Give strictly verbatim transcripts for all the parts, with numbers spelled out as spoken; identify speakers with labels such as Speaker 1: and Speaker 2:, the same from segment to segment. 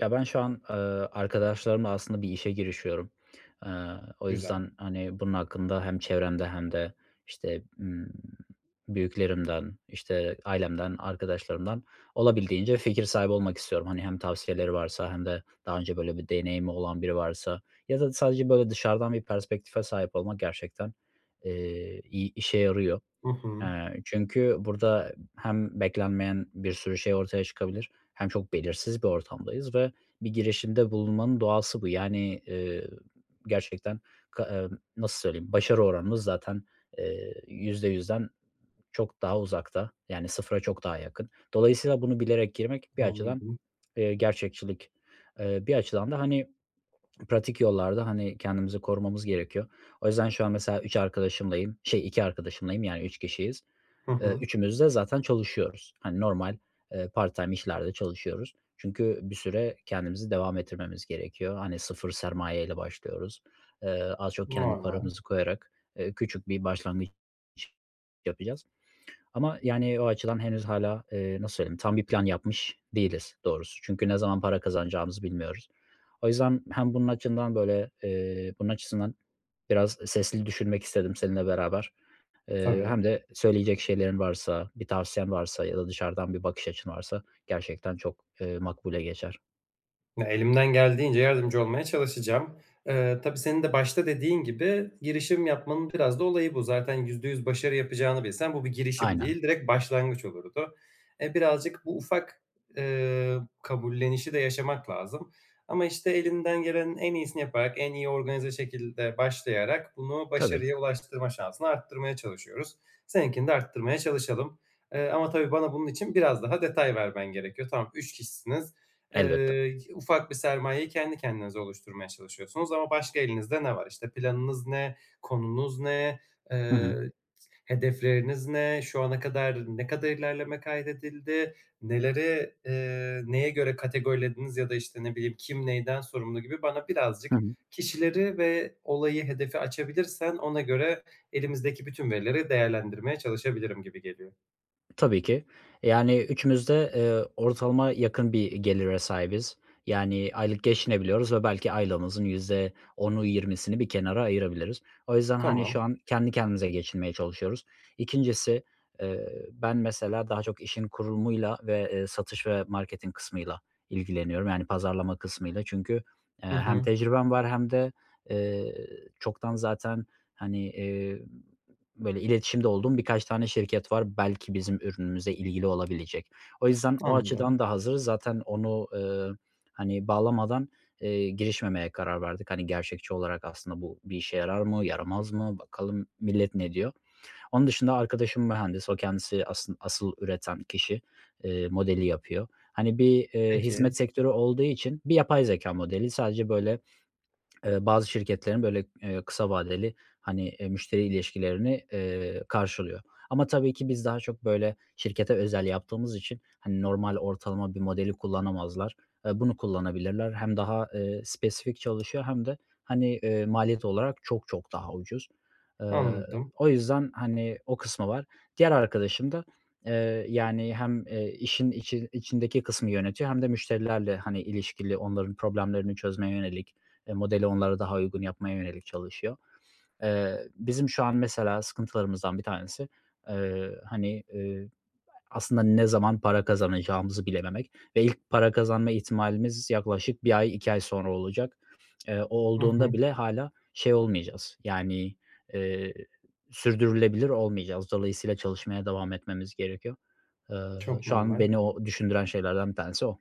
Speaker 1: Ya, ben şu an, eee, arkadaşlarımla aslında bir işe girişiyorum. Eee, o
Speaker 2: Güzel.
Speaker 1: yüzden, hani, bunun hakkında hem çevremde hem de, işte, ımm, büyüklerimden, işte, ailemden arkadaşlarımdan olabildiğince fikir sahibi olmak istiyorum. Hani, hem tavsiyeleri varsa hem de daha önce böyle bir deneyimi olan biri varsa ya da sadece, böyle, dışarıdan bir perspektife sahip olmak gerçekten, eee, iy işe yarıyor.
Speaker 2: Hı hı.
Speaker 1: Eee, çünkü burada hem beklenmeyen bir sürü şey ortaya çıkabilir hem çok belirsiz bir ortamdayız ve bir girişimde bulunmanın doğası bu. Yani, eee, gerçekten k eee, nasıl söyleyeyim başarı oranımız zaten, eee, yüzde yüzden çok daha uzakta, yani, sıfıra çok daha yakın. Dolayısıyla bunu bilerek girmek bir açıdan,
Speaker 2: Anladım.
Speaker 1: eee, gerçekçilik, eee, bir açıdan da, hani, pratik yollarda, hani, kendimizi korumamız gerekiyor. O yüzden şu an mesela üç arkadaşımlayım, şey iki arkadaşımlayım, yani, üç kişiyiz.
Speaker 2: Hı
Speaker 1: Eee,
Speaker 2: hı.
Speaker 1: üçümüz de zaten çalışıyoruz. Hani, normal, eee, part-time işlerde çalışıyoruz çünkü bir süre kendimizi devam ettirmemiz gerekiyor. Hani, sıfır sermaye ile başlıyoruz. Eee, az çok kendi
Speaker 2: Normal.
Speaker 1: paramızı koyarak, eee, küçük bir başlangıç yapacağız ama, yani, o açıdan henüz hâlâ, eee, nasıl söyleyeyim tam bir plan yapmış değiliz doğrusu çünkü ne zaman para kazanacağımızı bilmiyoruz. O yüzden hem bunun açından, böyle, eee, bunun açısından biraz sesli düşünmek istedim seninle beraber, eee,
Speaker 2: Tabii.
Speaker 1: hem de söyleyecek şeylerin varsa bir tavsiyen varsa ya da dışarıdan bir bakış açın varsa gerçekten çok, eee, makbule geçer.
Speaker 2: Elimden geldiğince yardımcı olmaya çalışacağım. Eee, tabii senin de başta dediğin gibi girişim yapmanın biraz da olayı bu. Zaten yüzde yüz başarı yapacağını bilsen bu bir girişim
Speaker 1: Aynen.
Speaker 2: değil, direkt başlangıç olurdu. E, birazcık bu ufak, eee, kabullenişi de yaşamak lazım. Ama işte elinden gelenin en iyisini yaparak, en iyi organize şekilde başlayarak bunu
Speaker 1: Tabii.
Speaker 2: başarıya ulaştırma şansını arttırmaya çalışıyoruz. Seninkini de arttırmaya çalışalım. Eee, ama tabii bana bunun için biraz daha detay vermen gerekiyor. Tamam, üç kişisiniz. Eee,
Speaker 1: Elbette.
Speaker 2: y ufak bir sermayeyi kendi kendinize oluşturmaya çalışıyorsunuz ama başka elinizde ne var? İşte, planınız ne? Konunuz ne?
Speaker 1: Hı
Speaker 2: Eee,
Speaker 1: hı.
Speaker 2: i hedefleriniz ne? Şu ana kadar, ne kadar ilerleme kaydedildi? Neleri, eee, neye göre kategorilediniz ya da, işte, ne bileyim, kim neyden sorumlu gibi bana birazcık
Speaker 1: Hı hı.
Speaker 2: kişileri ve olayı, hedefi açabilirsen ona göre elimizdeki bütün verileri değerlendirmeye çalışabilirim gibi geliyor.
Speaker 1: Tabii ki. Yani, üçümüz de, eee, ortalama yakın bir gelire sahibiz, yani, aylık geçinebiliyoruz ve belki aylığımızın yüzde onu yirmisini bir kenara ayırabiliriz. O yüzden, hani, şu
Speaker 2: Tamam.
Speaker 1: an kendi kendimize geçinmeye çalışıyoruz. İkincisi, eee, ben mesela daha çok işin kurulumuyla ve, eee, satış ve marketing kısmıyla ilgileniyorum, yani, pazarlama kısmıyla çünkü, eee,
Speaker 2: Hı
Speaker 1: hem
Speaker 2: hı.
Speaker 1: tecrübem var hem de, eee, çoktan zaten, hani, iii, böyle iletişimde olduğum birkaç tane şirket var. Belki bizim ürünümüze ilgili olabilecek. O yüzden o
Speaker 2: Anladım.
Speaker 1: açıdan da hazırız. Zaten onu, ııı, hani, bağlamadan, eee, girişmemeye karar verdik. Hani, gerçekçi olarak aslında bu bir işe yarar mı, yaramaz mı, bakalım millet ne diyor? Onun dışında arkadaşım mühendis, o kendisi asın asıl üreten kişi, eee, modeli yapıyor. Hani, bir, eee,
Speaker 2: Peki.
Speaker 1: hizmet sektörü olduğu için bir yapay zekâ modeli sadece böyle, ııı, bazı şirketlerin böyle, eee, kısa vadeli, hani, eee, müşteri ilişkilerini, eee, karşılıyor ama tabii ki biz daha çok böyle şirkete özel yaptığımız için, hani, normal ortalama bir modeli kullanamazlar. Eee, bunu kullanabilirler; hem daha, eee, spesifik çalışıyor hem de, hani, eee, maliyet olarak çok çok daha ucuz. Iıı,
Speaker 2: Anladım.
Speaker 1: o yüzden, hani, o kısmı var. Diğer arkadaşım da, eee, yani, hem, eee, işin içi içindeki kısmı yönetiyor hem de müşterilerle, hani, ilişkili, onların problemlerini çözmeye yönelik, eee, modeli onlara daha uygun yapmaya yönelik çalışıyor. Eee, bizim şu an mesela sıkıntılarımızdan bir tanesi, eee, hani, eee, aslında ne zaman para kazanacağımızı bilememek ve ilk para kazanma ihtimalimiz yaklaşık bir ay, iki ay sonra olacak. Eee, o,
Speaker 2: Hı hı.
Speaker 1: olduğunda bile hâlâ şey olmayacağız, yani, eee, sürdürülebilir olmayacağız. Dolayısıyla çalışmaya devam etmemiz gerekiyor. Iıı,
Speaker 2: Çok
Speaker 1: şu an
Speaker 2: normal.
Speaker 1: beni o düşündüren şeylerden bir tanesi o.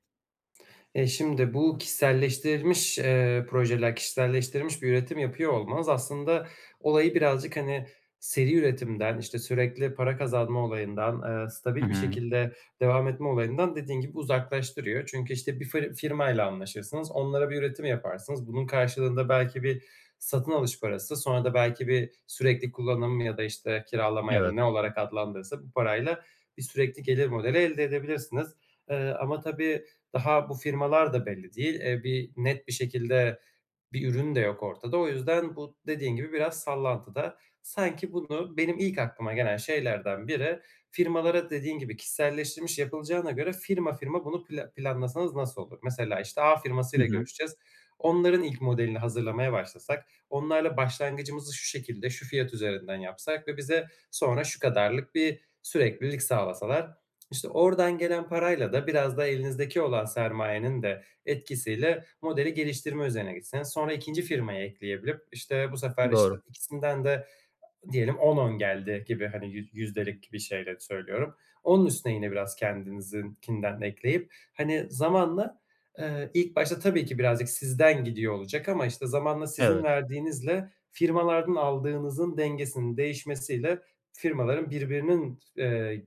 Speaker 2: Eee, şimdi bu kişiselleştirilmiş, eee, projeler, kişiselleştirilmiş bir üretim yapıyor olmanız, aslında olayı birazcık, hani, seri üretimden, işte, sürekli para kazanma olayından, eee,
Speaker 1: I
Speaker 2: stabil bir
Speaker 1: hı.
Speaker 2: şekilde devam etme olayından dediğin gibi uzaklaştırıyor. Çünkü, işte, bir fır firmayla anlaşırsınız, onlara bir üretim yaparsınız. Bunun karşılığında belki bir satın alış parası, sonra da belki bir sürekli kullanım ya da, işte, kiralama ya da
Speaker 1: Evet.
Speaker 2: ne olarak adlandırılırsa bu parayla bir sürekli gelir modeli elde edebilirsiniz. Eee, ama tabii daha bu firmalar da belli değil, eee, bir net bir şekilde bir ürün de yok ortada. O yüzden bu dediğin gibi biraz sallantıda. Sanki bunu benim ilk aklıma gelen şeylerden biri, firmalara dediğin gibi kişiselleştirmiş yapılacağına göre firma firma bunu pla planlasanız nasıl olur? Mesela, işte, A
Speaker 1: Hı
Speaker 2: firmasıyla
Speaker 1: hı.
Speaker 2: görüşeceğiz. Onların ilk modelini hazırlamaya başlasak, onlarla başlangıcımızı şu şekilde, şu fiyat üzerinden yapsak ve bize sonra şu kadarlık bir süreklilik sağlasalar. İşte, oradan gelen parayla da biraz da elinizdeki olan sermayenin de etkisiyle modeli geliştirme üzerine gitseniz. Sonra İkincisi, firmayı ekleyebilip, işte, bu sefer, işte,
Speaker 1: Doğru.
Speaker 2: ikisinden de diyelim on on geldi gibi, hani, yüz yüzdelik bir şeyle söylüyorum. Onun üstüne yine biraz kendinizinkinden ekleyip, hani, zamanla, eee, ilk başta tabii ki birazcık sizden gidiyor olacak ama, işte, zamanla sizin
Speaker 1: Evet.
Speaker 2: verdiğinizle, firmalardan aldığınızın dengesinin değişmesiyle, firmaların birbirinin t eee,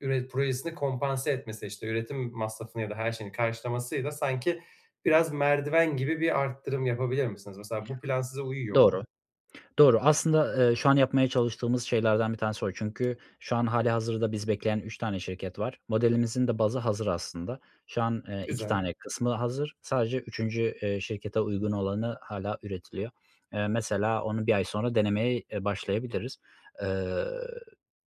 Speaker 2: üre projesini kompanse etmesi, işte, üretim masrafını ya da her şeyini karşılamasıyla sanki biraz merdiven gibi bir artırım yapabilir misiniz? Mesela bu plan size uyuyor mu?
Speaker 1: Doğru. Doğru. Aslında, eee, şu an yapmaya çalıştığımız şeylerden bir tanesi o çünkü şu an hâlihazırda bizi bekleyen üç tane şirket var. Modelimizin de bazı hazır aslında. Şu an, eee, iki
Speaker 2: Güzel.
Speaker 1: tane kısmı hazır. Sadece üçüncü, eee, şirkete uygun olanı hâlâ üretiliyor. Eee, mesela onu bir ay sonra denemeye, eee, başlayabiliriz. Iıı,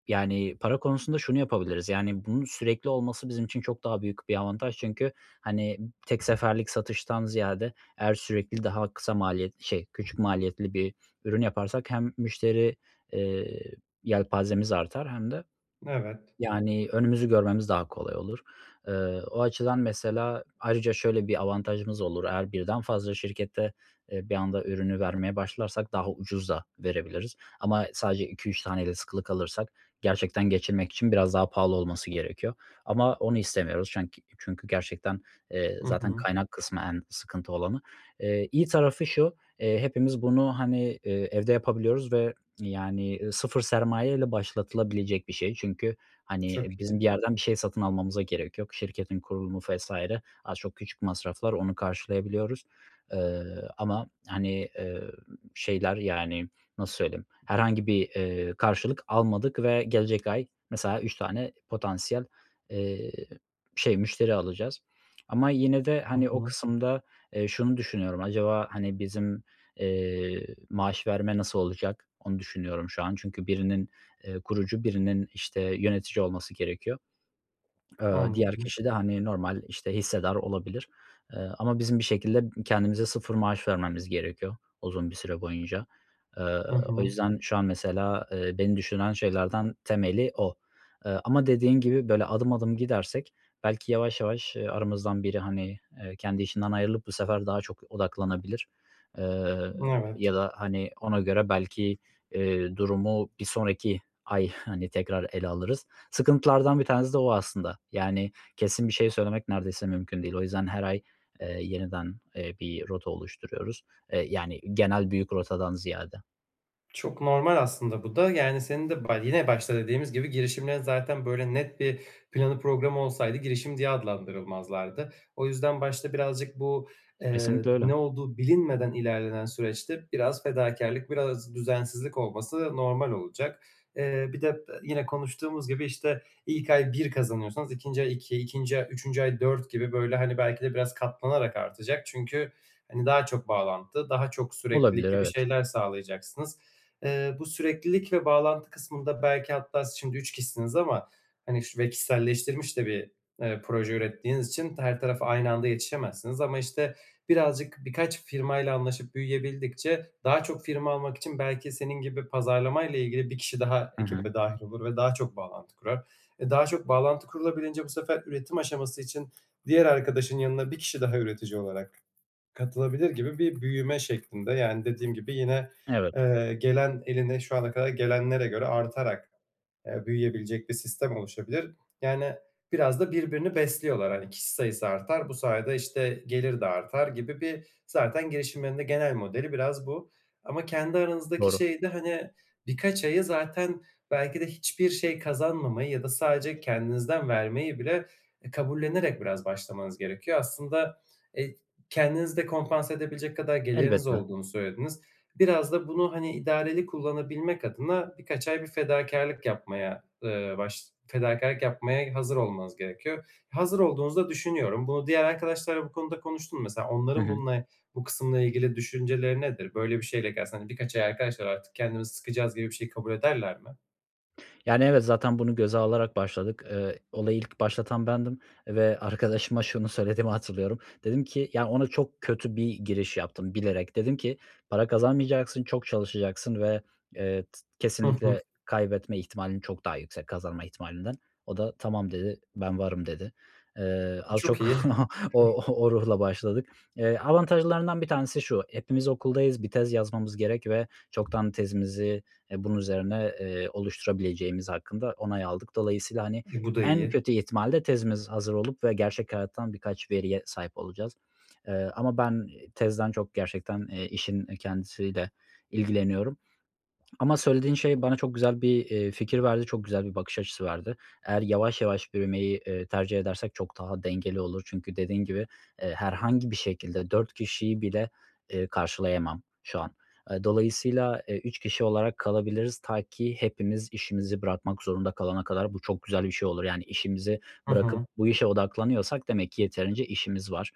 Speaker 1: yani, para konusunda şunu yapabiliriz; yani, bunun sürekli olması bizim için çok daha büyük bir avantaj çünkü, hani, tek seferlik satıştan ziyade eğer sürekli daha kısa maliyetli şey, küçük maliyetli bir ürün yaparsak hem müşteri, eee, yelpazemiz artar hem de,
Speaker 2: Evet.
Speaker 1: yani, önümüzü görmemiz daha kolay olur. Iıı, o açıdan mesela ayrıca şöyle bir avantajımız olur eğer birden fazla şirkete, eee, bir anda ürünü vermeye başlarsak daha ucuz da verebiliriz ama sadece iki üç tane de sıkılı kalırsak gerçekten geçinmek için biraz daha pahalı olması gerekiyor ama onu istemiyoruz. Çenk çünkü gerçekten, eee,
Speaker 2: Hı
Speaker 1: zaten
Speaker 2: hı.
Speaker 1: kaynak kısmı en sıkıntı olanı. Eee, iyi tarafı şu; eee, hepimiz bunu, hani, iii, evde yapabiliyoruz ve, yani, ııı, sıfır sermaye ile başlatılabilecek bir şey çünkü, hani,
Speaker 2: Çok
Speaker 1: bizim bir
Speaker 2: iyi.
Speaker 1: yerden bir şey satın almamıza gerek yok. Şirketin kurulumu vs. az çok küçük masraflar onu karşılayabiliyoruz. Iıı, ama, hani, eee, şeyler, yani, nasıl söyleyeyim herhangi bir, eee, karşılık almadık ve gelecek ay mesela üç tane potansiyel, eee, şey müşteri alacağız. Ama yine de,
Speaker 2: Hı
Speaker 1: hani, o
Speaker 2: hı.
Speaker 1: kısımda, eee, şunu düşünüyorum; acaba, hani, bizim, eee, maaş verme nasıl olacak, onu düşünüyorum şu an çünkü birinin, eee, kurucu birinin, işte, yönetici olması gerekiyor. Iıı, diğer
Speaker 2: Anladım.
Speaker 1: kişi de, hani, normal, işte, hissedar olabilir. Eee, ama bizim bir şekilde kendimize sıfır maaş vermemiz gerekiyor uzun bir süre boyunca. Iıı,
Speaker 2: Hı
Speaker 1: o
Speaker 2: hı.
Speaker 1: yüzden şu an mesela, eee, beni düşündüren şeylerden temeli o. Iıı, ama dediğin gibi böyle adım adım gidersek belki yavaş yavaş, ııı, aramızdan biri, hani, eee, kendi işinden ayrılıp bu sefer daha çok odaklanabilir. Iıı,
Speaker 2: Evet.
Speaker 1: ya da, hani, ona göre belki, eee, durumu bir sonraki ay, hani, tekrar ele alırız. Sıkıntılardan bir tanesi de o aslında, yani, kesin bir şey söylemek neredeyse mümkün değil. O yüzden her ay, eee, yeniden, eee, bir rota oluşturuyoruz, eee, yani, genel, büyük rotadan ziyade.
Speaker 2: Çok normal, aslında, bu da. Yani, senin de baş yine başta dediğimiz gibi girişimlerin, zaten, böyle net bir planı programı olsaydı girişim diye adlandırılmazlardı. O yüzden başta birazcık bu, ııı,
Speaker 1: Kesinlikle öyle.
Speaker 2: ne olduğu bilinmeden ilerlenen süreçte biraz fedakârlık, biraz düzensizlik olması normal olacak. Eee, bir de, e yine konuştuğumuz gibi, işte, ilk ay bir kazanıyorsanız ikinci ay iki, ikinci a üçüncü ay dört gibi, hani, belki de biraz katlanarak artacak. çünkü, hani, daha çok bağlantı, daha çok süreklilik
Speaker 1: Olabilir,
Speaker 2: gibi
Speaker 1: evet.
Speaker 2: şeyler sağlayacaksınız. Iıı, bu süreklilik ve bağlantı kısmında belki hatta siz şimdi üç kişisiniz ama, hani, şu ve kişiselleştirilmiş de bir, eee, proje ürettiğiniz için t her tarafa aynı anda yetişemezsiniz ama, işte, birazcık, birkaç firmayla anlaşıp büyüyebildikçe daha çok firma almak için belki senin gibi pazarlamayla ilgili bir kişi daha
Speaker 1: Hı hı.
Speaker 2: ekibe dâhil olur ve daha çok bağlantı kurar. E, daha çok bağlantı kurulabilince bu sefer üretim aşaması için diğer arkadaşın yanına bir kişi daha üretici olarak katılabilir gibi bir büyüme şeklinde. Yani, dediğim gibi yine,
Speaker 1: Evet.
Speaker 2: eee, gelen eline şu ana kadar gelenlere göre artarak, eee, büyüyebilecek bir sistem oluşabilir. Yani, biraz da birbirini besliyorlar. Hani, kişi sayısı artar, bu sayede, işte, gelir de artar gibi bir, zaten, girişimlerin de genel modeli biraz bu ama kendi aranızdaki
Speaker 1: Doğru.
Speaker 2: şeyde, hani, birkaç ayı, zaten, belki de hiçbir şey kazanmamayı ya da sadece kendinizden vermeyi bile e kabullenerek biraz başlamanız gerekiyor. Aslında, eee, kendinizi de kompanse edebilecek kadar geliriniz
Speaker 1: Elbette.
Speaker 2: olduğunu söylediniz. Biraz da bunu, hani, idareli kullanabilmek adına birkaç ay bir fedakârlık yapmaya, ııı, baş fedakârlık yapmaya hazır olmanız gerekiyor. Hazır olduğunuzu da düşünüyorum. Bunu diğer arkadaşlarla bu konuda konuştun mu? Mesela,
Speaker 1: Hı
Speaker 2: onların
Speaker 1: hı.
Speaker 2: bununla bu kısımla ilgili düşünceleri nedir? Böyle bir şeyle gelse, hani, "Birkaç ay arkadaşlar artık kendimizi sıkacağız," gibi bir şeyi kabul ederler mi?
Speaker 1: Yani, evet, zaten bunu göze alarak başladık. Eee, olayı ilk başlatan bendim ve arkadaşıma şunu söylediğimi hatırlıyorum. Dedim ki, ya, ona çok kötü bir giriş yaptım bilerek, dedim ki, "Para kazanmayacaksın, çok çalışacaksın ve, eee, t
Speaker 2: Hı hı.
Speaker 1: kesinlikle kaybetme ihtimalin çok daha yüksek kazanma ihtimalinden." O da, "Tamam," dedi, "Ben varım," dedi. Eee, az
Speaker 2: Çok
Speaker 1: çok
Speaker 2: iyi. Hıh.
Speaker 1: o o ruhla başladık. Eee, avantajlarından bir tanesi şu, hepimiz okuldayız bir tez yazmamız gerek ve çoktan tezimizi, eee, bunun üzerine, eee, oluşturabileceğimiz hakkında onay aldık. Dolayısıyla, hani,
Speaker 2: E, bu da
Speaker 1: en
Speaker 2: iyi.
Speaker 1: kötü ihtimalle tezimiz hazır olup ve gerçek hayattan birkaç veriye sahip olacağız, eee, ama ben i tezden çok gerçekten, eee, işin i kendisiyle ilgileniyorum ama söylediğin şey bana çok güzel bir, iii, fikir verdi. Çok güzel bir bakış açısı verdi. Eğer yavaş, yavaş büyümeyi, eee, tercih edersek çok daha dengeli olur çünkü dediğin gibi, eee, herhangi bir şekilde dört kişiyi bile, eee, karşılayamam şu an. Eee, dolayısıyla, eee, üç kişi olarak kalabiliriz ta ki hepimiz işimizi bırakmak zorunda kalana kadar bu çok güzel bir şey olur, yani, işimizi
Speaker 2: Hı
Speaker 1: bırakıp
Speaker 2: hı.
Speaker 1: bu işe odaklanıyorsak demek ki yeterince işimiz var.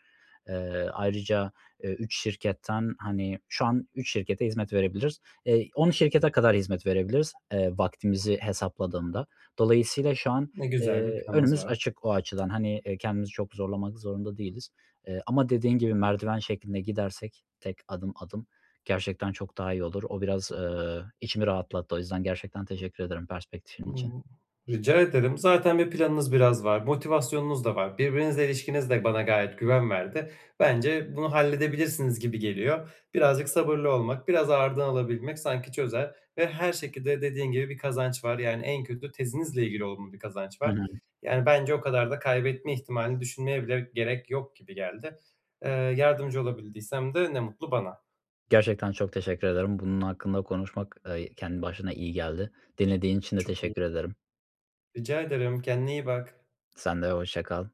Speaker 1: Eee, ayrıca, eee, üç şirketten, hani, şu an üç şirkete hizmet verebiliriz. Eee, on şirkete kadar hizmet verebiliriz, eee, vaktimizi hesapladığımda. Dolayısıyla şu an,
Speaker 2: Ne güzel, bir
Speaker 1: eee,
Speaker 2: planınız
Speaker 1: önümüz
Speaker 2: var.
Speaker 1: açık o açıdan. Hani, eee, kendimizi çok zorlamak zorunda değiliz. Eee, ama dediğin gibi merdiven şeklinde gidersek tek adım, adım gerçekten çok daha iyi olur. O biraz, eee, içimi rahatlattı. O yüzden gerçekten teşekkür ederim perspektifin için.
Speaker 2: Hımm. Rica ederim. Zaten bir planınız biraz var, motivasyonunuz da var. Birbirinizle ilişkiniz de bana gayet güven verdi. Bence, bunu halledebilirsiniz gibi geliyor. Birazcık sabırlı olmak, biraz ağırdan alabilmek sanki çözer ve her şekilde dediğin gibi bir kazanç var. Yani, en kötü tezinizle ilgili olumlu bir kazanç
Speaker 1: Hı
Speaker 2: var.
Speaker 1: hı.
Speaker 2: Yani, bence, o kadar da kaybetme ihtimalini düşünmeye bile gerek yok gibi geldi. Eee, yardımcı olabildiysem de ne mutlu bana.
Speaker 1: Gerçekten çok teşekkür ederim. Bunun hakkında konuşmak, eee, kendi başına iyi geldi. Dinlediğin için de
Speaker 2: Çok iyi.
Speaker 1: teşekkür ederim.
Speaker 2: Rica ederim, kendine iyi bak.
Speaker 1: Sen de hoşça kal.